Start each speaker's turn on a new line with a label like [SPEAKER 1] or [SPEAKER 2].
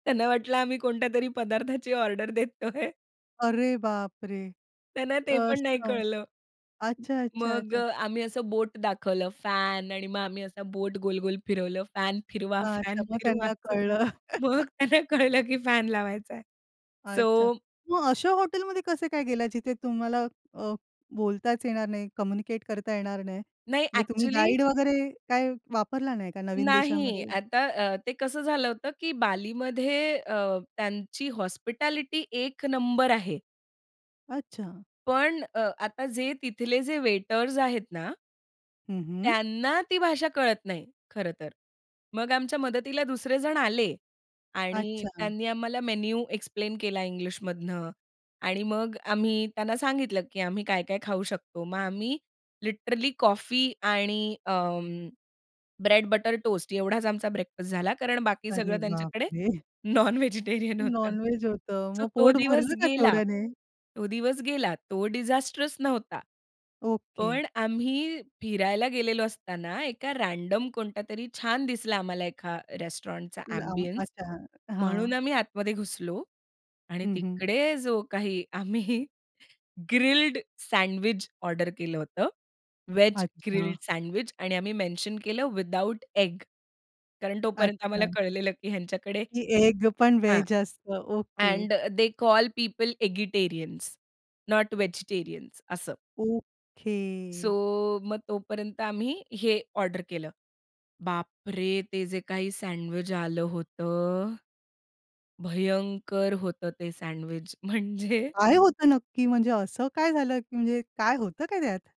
[SPEAKER 1] त्यांना वाटलं आम्ही कोणत्यातरी पदार्थाची ऑर्डर देतोय.
[SPEAKER 2] अरे बापरे!
[SPEAKER 1] त्यांना ते पण नाही
[SPEAKER 2] असं.
[SPEAKER 1] कळलं.
[SPEAKER 2] अच्छा, अच्छा,
[SPEAKER 1] मग
[SPEAKER 2] अच्छा.
[SPEAKER 1] अ, आम्ही असं बोट दाखवलं फॅन आणि मग आम्ही असा बोट गोल-गोल फिरवलं फॅन फिरवा,
[SPEAKER 2] हां.
[SPEAKER 1] फॅन
[SPEAKER 2] तर मग
[SPEAKER 1] फिरवा
[SPEAKER 2] त्यांना
[SPEAKER 1] असं.
[SPEAKER 2] कळलं.
[SPEAKER 1] मग त्यांना कळलं, की फॅन लावायचाय. सो
[SPEAKER 2] अच्छा. मग अशा हॉटेलमध्ये कसे काय गेला जिथे तुम्हाला अ, बोलताच येणार नाही, कम्युनिकेट करता येणार नाही.
[SPEAKER 1] नाही.
[SPEAKER 2] म्हणजे तुम्ही
[SPEAKER 1] अ‍ॅक्चुअली.
[SPEAKER 2] गाईड वगैरे काय वापरला नाही का नवीन
[SPEAKER 1] नाही.
[SPEAKER 2] देशामध्ये?
[SPEAKER 1] आता अ, ते कसं झालं होतं, की बालीमध्ये अ, त्यांची हॉस्पिटॅलिटी एक नंबर आहे.
[SPEAKER 2] अच्छा.
[SPEAKER 1] पण अ, आता जे तिथले जे वेटर्स आहेत ना.
[SPEAKER 2] हं, हं.
[SPEAKER 1] त्यांना ती भाषा कळत नाही खरं तर. मग आमच्या मदतीला दुसरे जण आले आणि
[SPEAKER 2] अच्छा.
[SPEAKER 1] त्यांनी आम्हाला मेनू एक्सप्लेन केला इंग्लिशमधनं आणि मग आम्ही त्यांना सांगितलं, की आम्ही काय-काय खाऊ शकतो. मग आम्ही लिटरली कॉफी आणि अं, ब्रेड बटर टोस्ट एवढाच आमचा ब्रेकफास्ट झाला कारण बाकी
[SPEAKER 2] अरे
[SPEAKER 1] सगळं त्यांच्याकडे
[SPEAKER 2] बापरे!
[SPEAKER 1] नॉनव्हेजिटेरियन होतं.
[SPEAKER 2] नॉनवेज होतं.
[SPEAKER 1] सो
[SPEAKER 2] मग
[SPEAKER 1] तो
[SPEAKER 2] पोट
[SPEAKER 1] दिवस
[SPEAKER 2] भरलं का
[SPEAKER 1] गेला,
[SPEAKER 2] तेवढ्याने?
[SPEAKER 1] तो दिवस गेला. तो डिजास्ट्रेस नव्हता.
[SPEAKER 2] ओके.
[SPEAKER 1] पण आम्ही फिरायला गेलेलो असताना एका रँडम कोणता तरी छान दिसला आम्हाला एका रेस्टॉरंटचा
[SPEAKER 2] लांब.
[SPEAKER 1] एम्बियन्स
[SPEAKER 2] अच्छा.
[SPEAKER 1] म्हणून
[SPEAKER 2] हां.
[SPEAKER 1] आम्ही आतमध्ये घुसलो आणि
[SPEAKER 2] हं, हं.
[SPEAKER 1] तिकडे जो काही आम्ही ग्रिल्ड सँडविच ऑर्डर केलं होतं, वेज
[SPEAKER 2] अच्छा.
[SPEAKER 1] ग्रिल्ड सँडविच आणि आम्ही मेन्शन केलं विथआऊट एग कारण तोपर्यंत आम्हाला
[SPEAKER 2] अच्छा.
[SPEAKER 1] कळलेलं, की ह्यांच्याकडे
[SPEAKER 2] की एग पण
[SPEAKER 1] हां,
[SPEAKER 2] वेज असतं. Okay.
[SPEAKER 1] And they call people eggitarians not vegetarians असं.
[SPEAKER 2] ओके.
[SPEAKER 1] सो मग तोपर्यंत आम्ही हे ऑर्डर केलं. बापरे! ते जे काही सँडविच आलं होतं. भयंकर होतं ते सँडविच म्हणजे
[SPEAKER 2] काय होतं नक्की म्हणजे असं काय झालं, की म्हणजे काय होतं काय त्यात?